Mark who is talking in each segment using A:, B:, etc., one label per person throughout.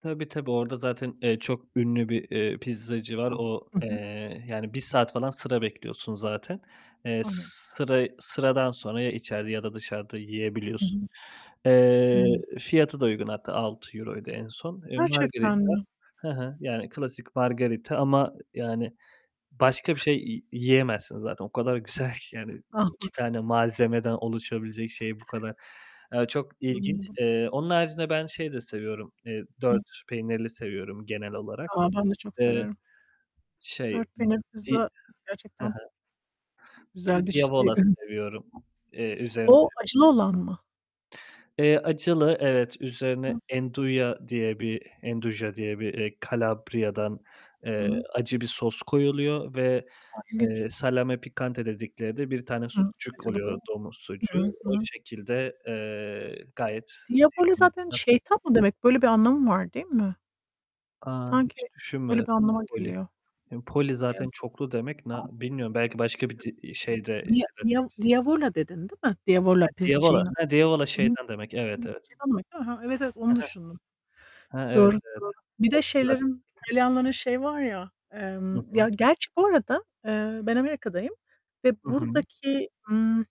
A: Tabii, tabii. Orada zaten, eee, çok ünlü bir, eee, pizzacı var. O,
B: I hı.
A: eee, yani, 1 saat falan sıra bekliyorsun zaten. Eee,
B: Anladım.
A: sıra sıradan sonra ya içeride ya da dışarıda
B: Hı
A: yiyebiliyorsun.
B: hı.
A: Eee,
B: Hıı.
A: fiyatı da uygun hatta €6'ydu en son, eee,
B: Gerçekten
A: margherita.
B: mi?
A: He he, yani, klasik margherita. ama e yani, başka bir şey yi yiyemezsin zaten, o kadar güzel güzel ki, yani,
B: Anladım!
A: 2 tane malzemeden oluşabilecek şey bu kadar eee, çok ilginç!
B: Anladım.
A: Eee, onun haricinde ben şey de seviyorum, eee,
B: Hıh.
A: 4 peynirli seviyorum genel olarak.
B: A, ben de çok
A: D eee
B: severim!
A: şey,
B: 4
A: ımm,
B: peynirli
A: di
B: pizza
A: He he.
B: gerçekten
A: Bir de
B: güzel bir e
A: diavola
B: ı
A: seviyorum. Eee, üzerinde
B: O, acılı
A: [unintelligible]
B: olan mı?
A: Eee, acılı evet. Üzerine
B: A
A: 'nduja diye bir 'nduja diye bir, eee, Kalabriya'dan,
B: I
A: eee,
B: hı.
A: acı bir sos koyuluyor ve,
B: A,
A: eee,
B: ilginç!
A: salame piccante dedikleri de bir tane
B: Hı.
A: sucuk
B: Acılı
A: oluyor,
B: bu.
A: domuz
B: Hı
A: sucuğu.
B: hı, hı
A: O
B: hı.
A: şekilde, eee, gayet
B: Diavoli
A: sevdiğim bir
B: zaten
A: tat [unintelligible]
B: şeytan mı demek? Böyle bir anlamı var, değil mi?
A: A,
B: Sanki
A: hiç
B: böyle
A: düşünmedim!
B: bir anlama
A: Napoli.
B: geliyor.
A: Eee, poli zaten
B: [unintelligible]
A: çoklu demek, na bilmiyorum belki başka bir di
B: [unintelligible]
A: iii, şeyde,
B: Dia
A: işte,
B: Dia
A: Latince
B: Diavola dedin, değil mi? Diavola
A: He,
B: piz
A: diavola!
B: şeyin a
A: He, diavola
B: I hı.
A: şeytan demek. Evet,
B: Evet,
A: evet.
B: şeytan demek, değil mi? He, evet evet
A: He
B: onu düşündüm.
A: he. He, evet,
B: Doğru,
A: evet.
B: doğru! Bir de şeylerin,
A: [unintelligible]
B: İtalyanların şey var ya,
A: Hı
B: emm
A: hı.
B: Ya, gerçi bu arada, eee, ben Amerika'dayım ve
A: Hı hı.
B: buradaki, ımm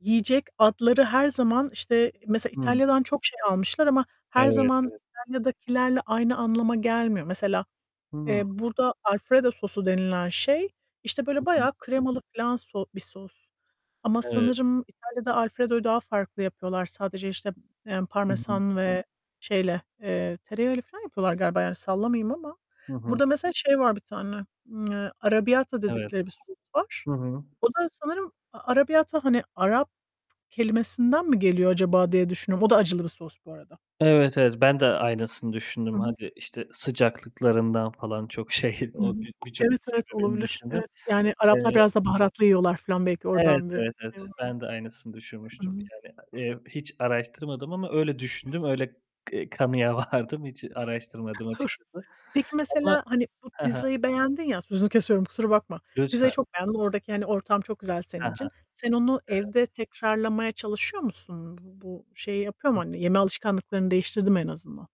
B: yiyecek adları her zaman, işte, mesela
A: Hıı.
B: İtalya'dan çok şey almışlar ama her
A: Evet,
B: zaman
A: evet.
B: İtalya'dakilerle aynı anlama gelmiyor. Mesela,
A: Hıı.
B: eee, burada Alfredo sosu denilen şey, işte,
A: Hı
B: böyle,
A: hı.
B: bayağı kremalı filan so bir sos. Ama
A: Evet.
B: sanırım İtalya'da Alfredo'yu daha farklı yapıyorlar. Sadece, işte, eee,
A: Hı hı.
B: parmesan ve şeyle, eee, tereyağıyla filan yapıyorlar galiba, yani, sallamayayım ama.
A: Hı hı.
B: Burada mesela şey var bir tane, ımm, eee, arrabbiata
A: Evet.
B: dedikleri bir sos var.
A: Hı hı.
B: O da sanırım a arrabbiata hani, Arap kelimesinden mi geliyor acaba, diye düşünüyorum. O da acılı bir sos bu arada.
A: Evet, evet, ben de aynısını
B: I
A: düşündüm.
B: hı.
A: Hadi, işte, sıcaklıklarından falan çok şey
B: I hı.
A: o bi birçok
B: Evet, evet,
A: sebebini
B: olabilir.
A: düşündüm.
B: Evet, yani, Araplar
A: Eee
B: biraz da baharatlı yiyorlar filan belki
A: Evet,
B: oradan bir
A: evet, evet!
B: [unintelligible]
A: Ben de aynısını
B: I
A: düşünmüştüm,
B: hı.
A: yani, eee, hiç araştırmadım ama öyle düşündüm, öyle, eee, kanıya vardım. Hiç araştırmadım
B: [unintelligible]
A: açıkçası.
B: Peki,
A: Ama
B: mesela, hani, bu
A: He he.
B: pizzayı beğendin ya Sözünü kesiyorum kusura bakma.
A: Lütfen!
B: Pizzayı çok beğendin. Oradaki, hani, ortam çok güzel
A: He
B: senin
A: he.
B: için. Sen onu
A: Evet.
B: evde tekrarlamaya çalışıyor musun? Bu bu şey yapıyor mu,
A: Hıh.
B: hani, yeme alışkanlıklarını değiştirdi mi en azından?